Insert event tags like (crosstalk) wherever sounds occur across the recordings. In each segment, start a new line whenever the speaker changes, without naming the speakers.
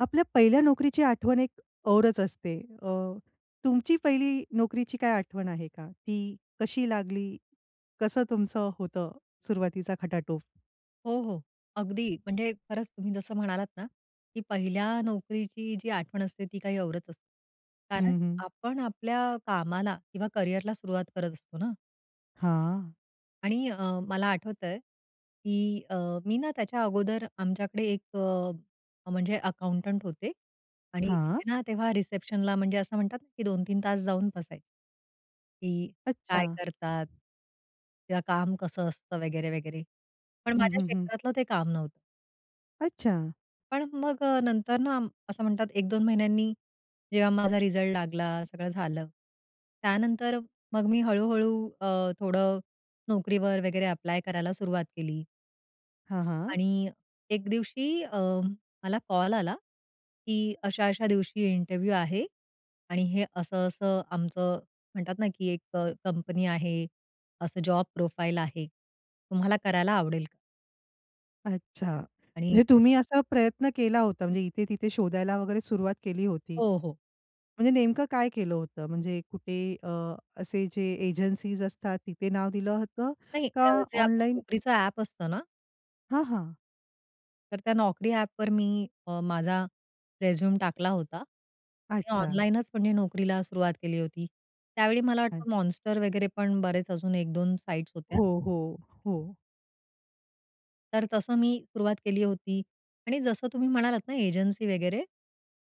आपल्या पहिल्या नोकरीची आठवण एक औरच असते. अ, तुमची पहिली नोकरीची काय आठवण आहे का? ती कशी लागली? कसं तुमचं होतं सुरुवातीचा खटाटोप?
हो, हो, अगदी. म्हणजे खरंच तुम्ही जसं म्हणालात ना, की पहिल्या नोकरीची जी आठवण असते ती काही औरच असते. कारण
हं, हं.
आपण आपल्या कामाला किंवा करियरला सुरुवात करत असतो ना.
हां.
आणि अ, मला आठवतंय की अ, मी ना त्याच्या अगोदर आमच्याकडे एक अ, म्हणजे अकाउंटंट होते आणि तिथे
हां.
ना तेव्हा रिसेप्शनला म्हणजे असं म्हणतात ना की 2-3 तास जाऊन बसायचे. की
अच्छा.
काय करतात? किंवा काम कसं असतं वगैरे-वगैरे. पण
हं,
माझ्या
हं, हं.
क्षेत्रातलं ते काम नव्हतं.
अच्छा.
पण मग अ, नंतर ना, आम असं म्हणतात 1-2 महिन्यांनी जेव्हा माझा रिझल्ट लागला, सगळं झालं. त्यानंतर मग मी हळू-हळू अ, थोडं नोकरीवर वगैरे ॲप्लाय करायला सुरुवात केली.
हां, हां.
आणि एक दिवशी अ, मला कॉल आला की, अशा-अशा दिवशी इंटरव्ह्यू आहे आणि हे असं-असं आमचं म्हणतात ना, की एक अ, कंपनी आहे, असं जॉब प्रोफाइल आहे. तुम्हाला करायला आवडेल का?
अच्छा.
आणि
म्हणजे तुम्ही असा प्रयत्न केला होता, म्हणजे इथे-तिथे शोधायला वगैरे सुरुवात केली होती.
हो, हो.
म्हणजे नेमकं काय केलं होतं? म्हणजे कुठे अ, असे जे एजन्सीज असतात तिथे नाव दिलं होतं
नाही, अ,
का
जे आपलं
ऑनलाईन?
Naukriचं ॲप असतं ना
हां, हां.
तर त्या Naukri ॲपवर मी अ, माझा रिझ्यूम टाकला होता आणि
अच्छा.
ऑनलाईनच म्हणजे नोकरीला सुरुवात केली होती. त्यावेळी मला
हं.
वाटतं Monster वगैरे पण बरेच अजून 1-2 साइट्स होत्या.
हो, हो, हो.
तर तसं मी सुरुवात केली होती आणि जसं तुम्ही म्हणालात ना एजन्सी वगैरे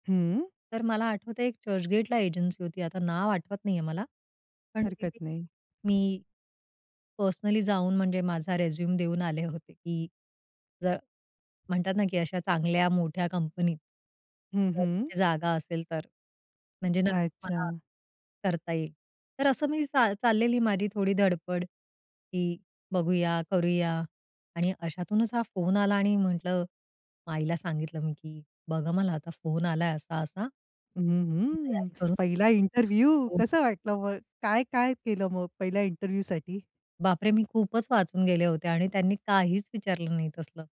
हं.
तर मला आठवतं आहे, एक चर्चगेटला एजन्सी होती, आता नाव आठवत नाही आहे मला. पण
हरकत
तिथे
नाही.
मी, पर्सनली जाऊन म्हणजे माझा रिझ्यूम देऊन आले होते की जर म्हणतात ना की अशा चांगल्या मोठ्या कंपनीत.
हं,
जर
हं.
कुठे जागा असेल तर, म्हणजे नक्कीच मला
अच्छा.
करता येईल. तर असं मी सा चाललेली माझी थोडी धडपड की बघूया, करूया आणि अशातूनच हा फोन आला आणि म्हटलं आईला सांगितलं मी की "बघा, मला आता फोन आला आहे असा-असा,
हं, हं,
तयारी करून"
पहिला इंटरव्ह्यू,
(unintelligible)
कसं वाटलं मग? काय-काय केलं मग पहिल्या इंटरव्ह्यूसाठी?
बापरे! मी खूपच वाचून गेले होते आणि त्यांनी काहीच विचारलं नाही तसलं.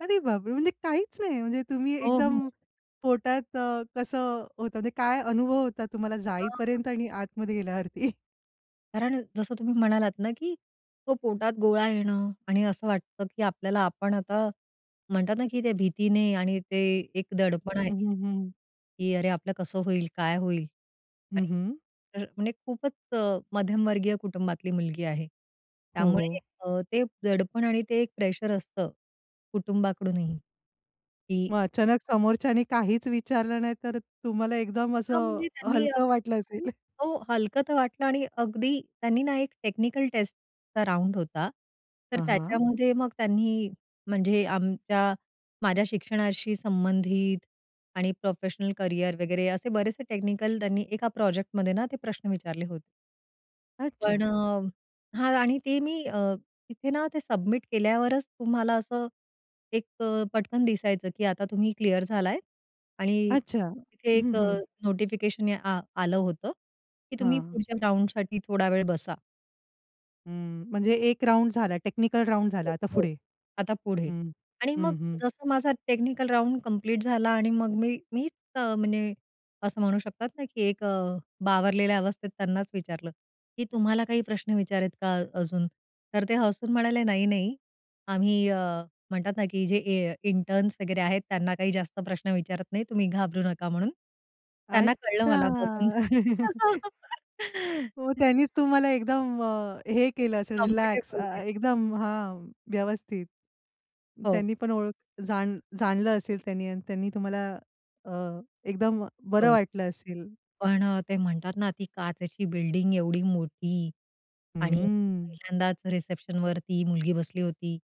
अरे बापरे! म्हणजे काहीच नाही. म्हणजे तुम्ही
हो,
एकदम
हो.
पोटात अ, कसं होतं, म्हणजे काय अनुभव होता तुम्हाला
हां, हां.
जाईपर्यंत आणि आतमध्ये गेल्यावरती?
कारण जसं तुम्ही म्हणालात ना, की तो पोटात गोळा येणं आणि असं वाटतं की आपल्याला आपण आता म्हणतात ना की त्या भीतीने आणि ते एक
हं,
दडपण आहे
हं, हं.
की अरे आपलं कसं होईल, काय होईल?
हं,
आणि
हं.
तर म्हणजे खूपच अ, मध्यमवर्गीय कुटुंबातली मुलगी आहे.
हो,
त्यामुळे
हो.
अ, ते दडपण आणि ते एक प्रेशर असतं कुटुंबाकडूनही की
मग अचानक समोरच्याने काहीच विचारलं नाही, तर तुम्हाला एकदम
हां,
असं
म्हणजे त्यांनी अ
हलकं वाटलं असेल.
हो, हलकं तर वाटलं आणि अगदी त्यांनी ना एक टेक्निकल टेस्टचा राउंड होता, तर
हां, हां.
त्याच्यामध्ये मग त्यांनी म्हणजे आमच्या माझ्या शिक्षणाशी संबंधित आणि प्रोफेशनल करियर वगैरे असे बरेचसे टेक्निकल त्यांनी एका प्रोजेक्टमध्ये ना ते प्रश्न विचारले होते.
अच्छा!
पण अ, हां आणि ते मी अ, तिथे ना ते सबमिट केल्यावरच तुम्हाला असं एक अ, पटकन दिसायचं की आता तुम्ही क्लिअर झालाय आणि
अच्छा!
तिथे
हं,
एक अ,
हं.
नोटिफिकेशन ए आ आलं होतं, की तुम्ही
हां.
पुढच्या राउंडसाठी थोडा वेळ बसा.
हं. म्हणजे एक राउंड झाला. टेक्निकल राउंड झाला आता
(unintelligible)
पुढे.
आता पुढे
हं.
आणि मग
हं, हं.
जसं माझा टेक्निकल राउंड कंप्लीट झाला आणि मग मी मीच अ, म्हणजे असं म्हणू शकतात ना की एक अ, बावरलेल्या अवस्थेत त्यांनाच विचारलं, की तुम्हाला काही प्रश्न विचार आहेत का अजून? तर ते हसून म्हणाले, "नाही, नाही. आम्ही अ, म्हणतात ना की जे ए इंटर्न्स वगैरे आहेत त्यांना काही जास्त प्रश्न विचारत नाही. तुम्ही घाबरू नका," म्हणून. त्यांना कळलं मला बघून.
अच्छा! (giggles) हो,
(laughs)
त्यांनीच तुम्हाला एकदम अ, हे केलं असेल रिलॅक्स
कम्फर्टेबल
अ,
केलं.
एकदम हां, व्यवस्थित.
हो.
त्यांनी पण ओळख जाण जाणलं असेल त्यांनी अन् त्यांनी तुम्हाला अ, एकदम बरं
हो.
वाटलं असेल.
पण अ, ते म्हणतात ना ती काचेची बिल्डिंग एवढी मोठी आणि
हम्म.
पहिल्यांदाच रिसेप्शनवर ती मुलगी बसली होती,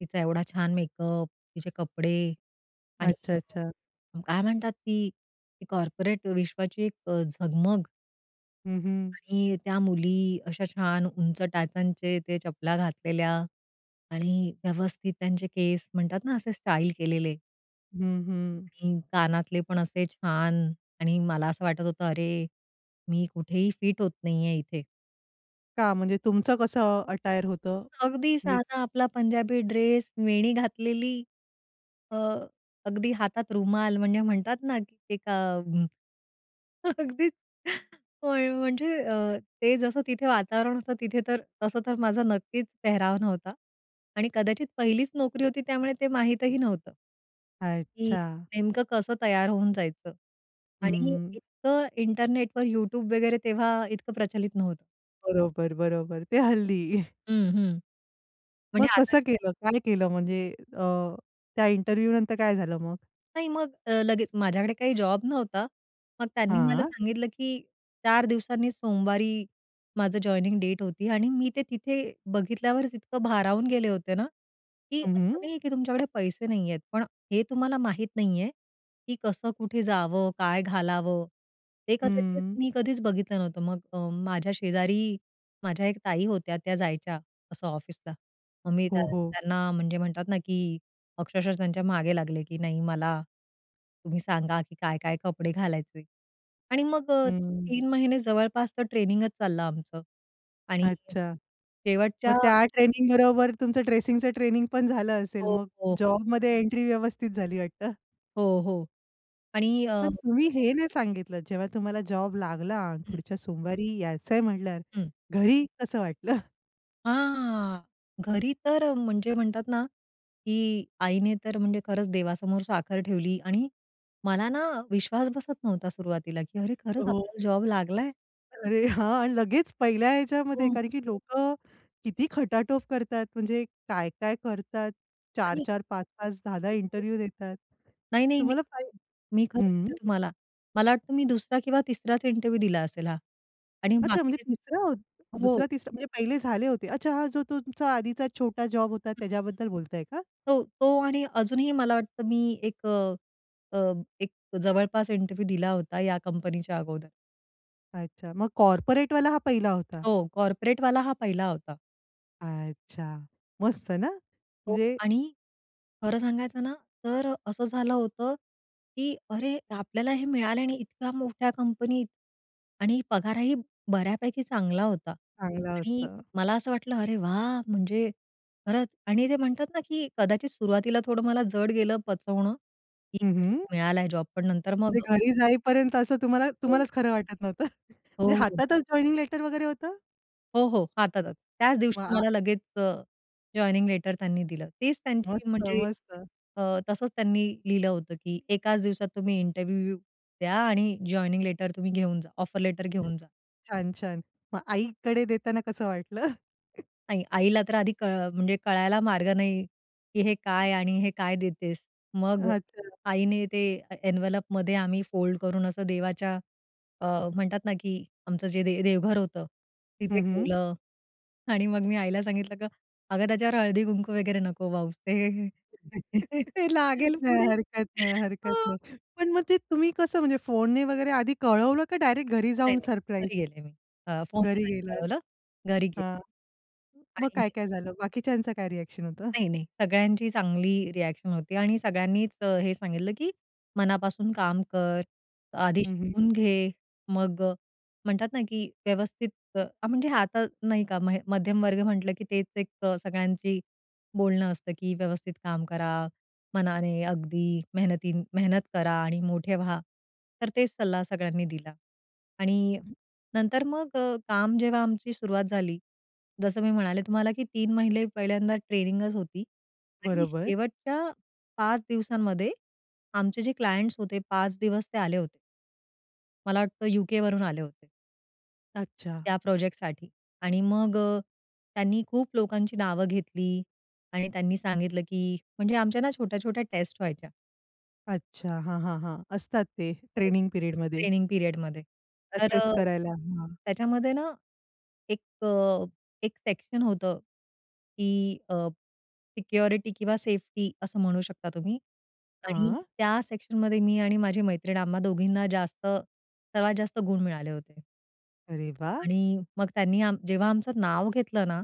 तिचा एवढा छान मेकअप, तिचे कपडे आणि
अच्छा, अच्छा.
अ, काय म्हणतात ती ते कॉर्पोरेट विश्वाची एक अ, झगमग
हं, हं.
आणि त्या मुली अशा छान उंच टाचांचे ते चपला घातलेल्या आणि व्यवस्थित त्यांचे केस म्हणतात ना असे स्टाईल केलेले.
हं, हं.
हं. कानातले पण असे छान. आणि मला असं वाटत होतं, "अरे, मी कुठेही फिट होत नाहीये इथे."
का म्हणजे तुमचं कसं अटायर होतं?
अगदी
म्हणजे
साधा आपला पंजाबी ड्रेस, वेणी घातलेली, अ, अगदी हातात रुमाल. म्हणजे म्हणतात ना, की एक अ, हं. (chuckles) अगदीच. (chuckles) होय, म्हणजे अ, ते जसं तिथे वातावरण जसं तिथे तर तसं तर माझा नक्कीच पेहराव नव्हता. आणि कदाचित पहिलीच नोकरी होती. त्यामुळे ते माहितही नव्हतं की
अच्छा.
नेमकं कसं तयार होऊन जायचं. आणि
हं.
इतकं इंटरनेटवर, YouTube वगैरे तेव्हा इतकं प्रचलित नव्हतं.
बरोबर, बरोबर. ते हल्ली.
हं, हं. म्हणजे
मग
आता
कसं केलं, काय केलं म्हणजे अ, त्या इंटरव्ह्यूनंतर काय झालं मग?
नाही, मग अ, लगेच माझ्याकडे काही जॉब नव्हता. मग त्यांनी मला
हां.
सांगितलं की 4 दिवसांनी सोमवारी माझं जॉइनिंग डेट होती. आणि मी ते तिथे बघितल्यावर, इतकं भारावून गेले होते ना, की
हं,
असं
हं.
नाही आहे की तुमच्याकडे पैसे नाही आहेत. पण हे तुम्हाला माहित नाही आहे, की कसं, कुठे जावं, काय घालावं? ते कदाचित
हं.
मी कधीच बघितलं नव्हतं. मग अ, माझ्या शेजारी माझ्या एक ताई होत्या, त्या जायच्या असं ऑफिसला. मग मी त्यां
हो, हो.
त्यांना म्हणजे म्हणतात ना, की अक्षरशः त्यांच्या मागे लागले, की "नाही, मला तुम्ही सांगा की काय-काय कपडे घालायचे?" आणि मग अ,
हं.
3 महिने जवळपास तो ट्रेनिंगचं चाललं आमचं. आणि हं.
अच्छा. मग
शेवटच्या
त्या ट्रेनिंगबरोबर, तुमचं ड्रेसिंगचं ट्रेनिंगपण झालं असेल.
हो.
मग
हो.
जॉबमध्ये एंट्री व्यवस्थित झाली वाटतं. (chuckles)
हो, हो. आणि अ
पण तुम्ही हे नाही सांगितलं जेव्हा तुम्हाला जॉब लागला आणि
हम्म.
पुढच्या सोमवारी यायचंय म्हंटल्यावर
हम्म.
घरी कसं वाटलं? (chuckles)
हां! घरी तर म्हणजे म्हणतात ना, की आईने तर म्हणजे खरंच देवासमोर साखर ठेवली आणि मला ना विश्वास बसत नव्हता सुरुवातीला की अरे खरंच
हो.
आपल्याला जॉब लागलाय?
अरे हां, आणि लगेच पहिल्या ह्याच्यामध्ये!
हो.
कारण की लोकं किती खटाटोप करतात. म्हणजे काय, काय करतात, चार
आणि
चार 5-5 10-10 इंटरव्ह्यू देतात.
नाही, नाही. (unintelligible)
तुम्हाला पाहि
मी खरं
हं.
सांगते तुम्हाला. मला वाटतं मी दुसरा किंवा तिसराच इंटरव्ह्यू दिला असेल हा. आणि
अच्छा, म्हणजे
बाकीचे
तिसरा हो,
हो.
दुसरा, तिसरा म्हणजे पहिले झाले होते. अच्छा, हां, जो तुमचा आधीचा छोटा जॉब होता त्याच्याबद्दल बोलताय का?
तो, तो आणि अजूनही मला वाटतं मी एक अ, एक जवळपास इंटरव्ह्यू दिला होता या कंपनीच्या अगोदर.
अच्छा. मग कॉर्पोरेटवाला हा पहिला होता?
हो. कॉर्पोरेटवाला हा पहिला होता.
अच्छा. मस्त ना.
हो
म्हणजे
आणि खरं सांगायचं ना, तर असं झालं होतं की, अरे आपल्याला हे मिळाले आणि इतक्या मोठ्या कंपनीत. आणि पगारही बऱ्यापैकी चांगला होता
चांगलं
आणि
होतं.
मला असं वाटलं, अरे वाह! म्हणजे खरंच आणि ते म्हणतात ना की कदाचित सुरुवातीला थोडं मला जड गेलं पचवणं की,
हं,
अरे
हं.
मिळालाय जॉब पण नंतर मग
म्हणजे घरी जाईपर्यंत असं तुम्हाला
हो.
तुम्हालाच खरं वाटत नव्हतं. (chuckles)
हो,
म्हणजे
हो.
हातातच जॉइनिंग लेटर वगैरे होतं?
हो, हो, हातातच. त्याच
मग
दिवशी
आ
मला लगेच अ, जॉइनिंग लेटर त्यांनी दिलं. तीच त्यांची
मस्त,
म्हणजे
मस्त.
अ, तसंच त्यांनी लिहिलं होतं की एकाच दिवसात तुम्ही इंटरव्ह्यू द्या आणि जॉइनिंग लेटर तुम्ही घेऊन जा, ऑफर लेटर घेऊन जा.
छान, छान. मग आईकडे देताना कसं वाटलं?
आणि आईला तर आधी क म्हणजे कळायला मार्ग नाही की हे काय? आणि हे काय देतेस? मग
अच्छा.
आईने ते ए एन्व्हलपमध्ये आम्ही फोल्ड करून असं देवाच्या अ, म्हणतात ना की आमचं जे दे देवघर होतं तिथे
हं, हं.
ठेवलं आणि मग मी आईला सांगितलं, "की अगं त्याच्यावर हळदी-कुंकू वगैरे नको वाहूस, ते
(chuckles)
ते लागेल
नाही
पुढे"
हरकत नाही, हरकत
हो.
नाही. पण मग ते तुम्ही कसं म्हणजे फोनने वगैरे आधी कळवलं का डायरेक्ट घरी
नाही,
जाऊन
नाही
सरप्राईज?
घरी गेले मी, अ, फोनने
घरी
नाही
गेलात.
कळवलं. घरी गेले.
हां, मग
आणि
काय काय झालं? बाकीच्यांचं काय रिएक्शन होतं?
नाही, नाही सगळ्यांची चांगली रिएक्शन होती आणि सगळ्यांनीच हे सांगितलं की मनापासून काम कर, आधी
हं, हं.
शिकून घे. मग म्हणतात ना की व्यवस्थित अ, म्हणजे आता नाही का म मध्यमवर्ग म्हटलं, की तेच एक सगळ्यांची बोलणं असतं की व्यवस्थित काम करा, मनाने अगदी मेहनती मेहनत करा आणि मोठे व्हा. तर तेच सल्ला सगळ्यांनी दिला. आणि नंतर मग अ, काम जेव्हा आमची सुरुवात झाली, जसं मी म्हणाले तुम्हाला, की 3 महिने पहिल्यांदा ट्रेनिंगच होती आणि
बरोबर.
शेवटच्या 5 दिवसांमध्ये आमचे जे क्लायंट्स होते, 5 दिवस ते आले होते. मला वाटतं युके वरून आले होते.
अच्छा.
त्या प्रोजेक्टसाठी. आणि मग अ, त्यांनी खूप लोकांची नावं घेतली आणि त्यांनी सांगितलं, की म्हणजे आमच्या ना छोट्या-छोट्या टेस्ट व्हायच्या.
अच्छा. हां, हां, हां. असतात ते
(unintelligible)
ट्रेनिंग पिरियडमध्ये.
ट्रेनिंग पिरियडमध्ये. तर
असेस
अ,
करायला. हां.
त्याच्यामध्ये ना एक अ, एक सेक्शन होतं, की अ, सिक्युरिटी किंवा सेफ्टी असं म्हणू शकता तुम्ही. आणि
हां.
त्या सेक्शनमध्ये मी आणि माझी मैत्रीण आम्हा दोघींना जास्त, सर्वात जास्त गुण मिळाले होते.
अरे वाह!
आणि मग त्यांनी आम जेव्हा आमचं नाव घेतलं ना,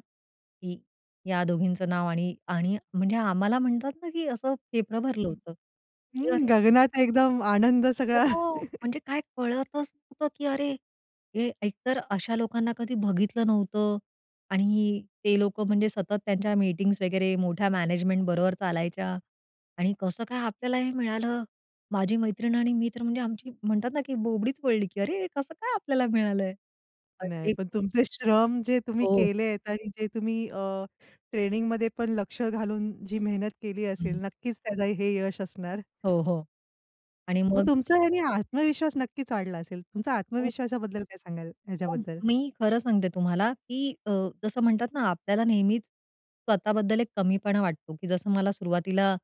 की या दोघींचं नाव आणि आणि म्हणजे आम्हाला म्हणतात ना, की असं फेपरं भरलं
हं.
होतं. की
हं.
अरे
गगनात एकदम आनंद सगळा.
हो. म्हणजे काय कळतच नव्हतं, की अरे! हे एकतर अशा लोकांना कधी बघितलं नव्हतं आणि ते लोकं म्हणजे सतत त्यांच्या मीटिंग्स वगैरे मोठ्या मॅनेजमेंट बरोबर चालायच्या आणि कसं काय आपल्याला हे मिळालं. माझी मैत्रीण आणि मी तर म्हणजे आमची म्हणतात ना, की बोबडीच वळली की "अरे! हे कसं काय आपल्याला मिळालंय?"
नाही.
अगदी.
पण तुमचे श्रम जे तुम्ही
हो, हो.
केलेत आणि जे तुम्ही अ, ट्रेनिंगमध्ये पण लक्ष घालून जी मेहनत केली असेल
हं.
नक्कीच त्याजं हे यश असणार.
हो, हो. आणि
मग
मग
तुमचं ह्यानी आत्मविश्वास नक्कीच वाढला असेल. तुमचा
हो.
आत्मविश्वासाबद्दल काय सांगाल
पण
याच्याबद्दल?
मी खरं सांगते तुम्हाला, की अ, जसं म्हणतात ना आपल्याला नेहमीच, स्वतः बद्दल एक कमीपणा वाटतो, की जसं मला सुरुवातीला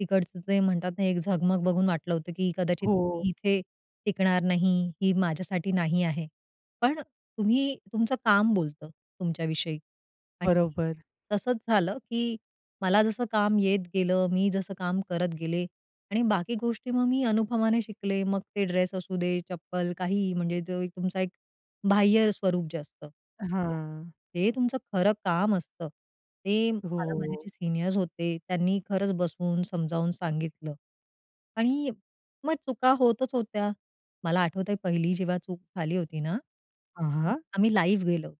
तिकडचं जे म्हणतात ना एक झगमग बघून वाटलं होतं, की कदाचित
हो.
इथे टिकणार नाही. ही माझ्यासाठी नाही आहे. पण तुम्ही तुमचं काम बोलतं तुमच्या विषयी. आणि
बरोबर.
तसंच झालं, की मला जसं काम येत गेलं, मी जसं काम करत गेले आणि बाकी गोष्टी मग मी अनुभवाने शिकले. मग ते ड्रेस असू दे, चप्पल काही म्हणजे जो तुमचा एक बाह्य स्वरूप जे असतं.
हां.
ते तुमचं खरं काम असतं. ते मला माझे
हो.
जे सीनियर्स होते, त्यांनी खरंच बसून समजावून सांगितलं. आणि मग चुका होतच होत्या. मला आठवतंय पहिली जेव्हा चूक झाली होती ना,
अ,
हं.
हां.
आम्ही लाइव्ह गेलो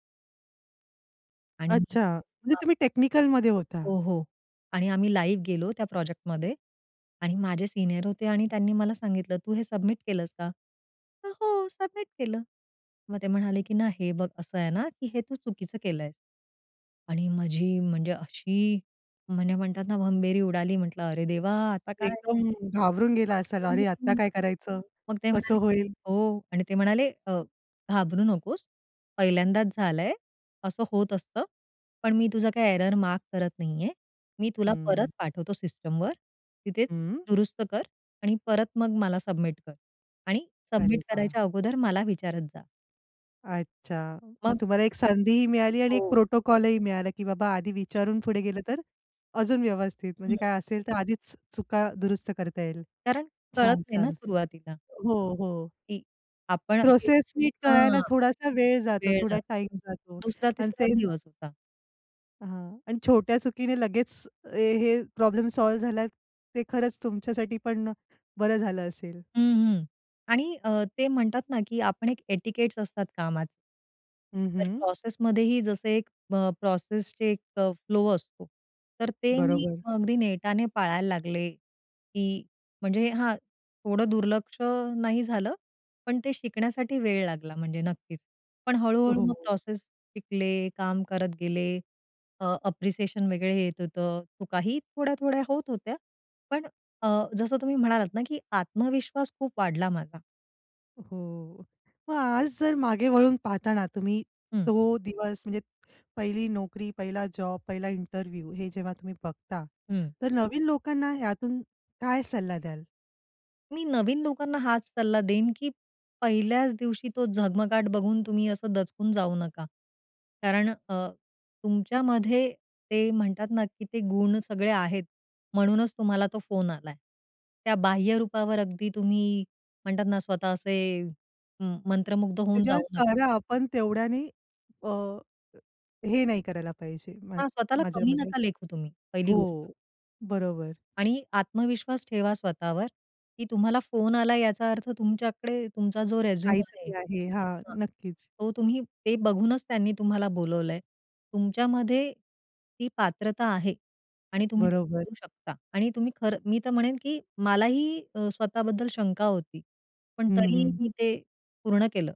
आणि
अच्छा! म्हणजे
अ
तुम्ही टेक्निकलमध्ये होता?
हो, हो आणि आम्ही लाइव्ह गेलो त्या प्रोजेक्टमध्ये आणि माझे सीनियर होते आणि त्यांनी मला सांगितलं, "तू हे सबमिट केलस का?" म्हंटलं, "हो, सबमिट केलं." मग ते म्हणाले की ना, "हे बघ असं आहे ना की हे तू चुकीचं केलय" आणि माझी म्हणजे अशी म्हणजे म्हणतात ना भंबेरी उडाली म्हंटलं, "अरे! देवा आता काय?
एकदम घाबरून गेला असाल?
घाबरून
अरे
गेले
आता
मी.
काय करायचं?
मग ते
कसं
म्हणाले,
होईल?
"हो" आणि ते म्हणाले अ, "घाबरू नकोस, पहिल्यांदाच झालाय, असं होत असतं. पण मी तुझा काही एरर मार्क करत नाही आहे. मी तुला परत
हं.
पाठवतो सिस्टमवर. तिथे
हं.
दुरुस्त कर आणि परत मग मला सबमिट कर आणि
अरे
सबमिट
वा!
करायच्या अगोदर मला विचारत जा."
अच्छा! मग
मग
तुम्हाला एक संधीही मिळाली आणि एक
हो.
प्रोटोकॉल ही मिळाला की बाबा आधी
हं.
विचारून पुढे गेलं तर अजून व्यवस्थित म्हणजे
हं.
काय असेल तर आधीच चुका दुरुस्त करता येईल.
कारण कळत
छान!
नाही ना
छान!
सुरुवातीला.
हो, हो.
की आपण हे
प्रोसेस नीट करायला
हां,
थोडासा वेळ जातो,
वेळ
थोडा
जातो.
टाईम जातो
दुसरा
अन्
तिसरा च
ते
दिवस होता.
हां. आणि छोट्या चुकीने लगेच हे प्रॉब्लेम सॉल्व्ह झाला, ते खरंच तुमच्यासाठी पण बरं झालं असेल.
हं, हं. आणि अ, ते म्हणतात ना, की आपण एक एटिकेट्स असतात कामात.
हं,
तर
हं.
प्रोसेसमध्येही जसं एक अ, प्रोसेसचे एक फ्लो असतो. तर ते मी
बरोबर.
अगदी नेटाने पाळायला लागले, की म्हणजे हां, थोडं दुर्लक्ष नाही झालं. पण ते शिकण्यासाठी वेळ लागला म्हणजे नक्कीच. पण हळू-हळू मग
हो.
प्रोसेस शिकले, काम करत गेले. अ, अप्रिसिएशन वगैरे येत होतं. चुकाही थोड्या-थोड्या होत होत्या, पण अ, जसं तुम्ही म्हणालात ना की आत्मविश्वास खूप वाढला माझा.
हो. मग आज जर मागे वळून पाहताना तुम्ही
हं.
तो दिवस म्हणजे पहिली नोकरी, पहिला जॉब, पहिला इंटरव्ह्यू. हे जेव्हा तुम्ही बघता
हं.
तर नवीन लोकांना यातून काय सल्ला द्याल?
मी नवीन लोकांना हाच सल्ला देईन, की पहिल्याच दिवशी तो झगमगाट बघून तुम्ही असं दचकून जाऊ नका. कारण अ, तुमच्यामध्ये ते म्हणतात ना, की ते गुण सगळे आहेत. म्हणूनच तुम्हाला तो फोन आलाय. त्या बाह्यरूपावर अगदी तुम्ही म्हणतात ना, स्वतः असे मंत्रमुग्ध होऊन
त्याच्यावर
जाऊ नका.
करा, पण तेवढ्याने अ, हे नाही करायला पाहिजे मा
हां. स्वतःला कमी
माझ्यामध्ये.
नका लेखू तुम्ही, पहिली गोष्ट.
हो. बरोबर.
आणि आत्मविश्वास ठेवा स्वतःवर की तुम्हाला फोन आलाय याचा अर्थ तुमच्याकडे तुमचा जो रेझूम आहे.
काहीतरी आहे. हां.
हां.
नक्कीच.
तो तुम्ही ते बघूनच त्यांनी तुम्हाला बोलावलंय. तुमच्यामध्ये ती पात्रता आहे आणि तुम्ही ते
बरोबर.
करू शकता आणि तुम्ही खरं मी तर म्हणेन, की मलाही अ, स्वतःबद्दल शंका होती, पण
हं,
तरीही
हं.
मी ते पूर्ण केलं.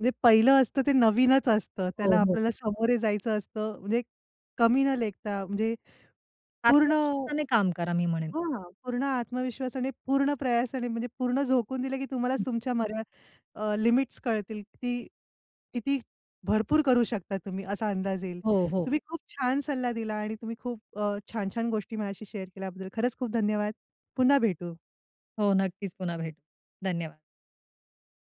म्हणजे पहिलं असतं ते नवीनच असतं. त्याला
हो, हो.
आपल्याला समोरे जायचं असतं. म्हणजे कमी न लेखता. म्हणजे पूर्ण
आत्मविश्वासाने काम करा मी म्हणेन.
हां, पूर्ण आत्मविश्वासाने, पूर्ण प्रयासाने म्हणजे पूर्ण झोकून दिलं, की तुम्हालाच
(unintelligible)
तुमच्या मर्या अ, लिमिट्स कळतील. किती किती भरपूर करू शकता तुम्ही असा अंदाज येईल.
हो, हो.
तुम्ही खूप छान सल्ला दिला आणि तुम्ही खूप अ, छान-छान गोष्टी माझ्याशी शेअर केल्याबद्दल खरंच खूप धन्यवाद. पुन्हा भेटू.
हो. नक्कीच पुन्हा भेटू. धन्यवाद.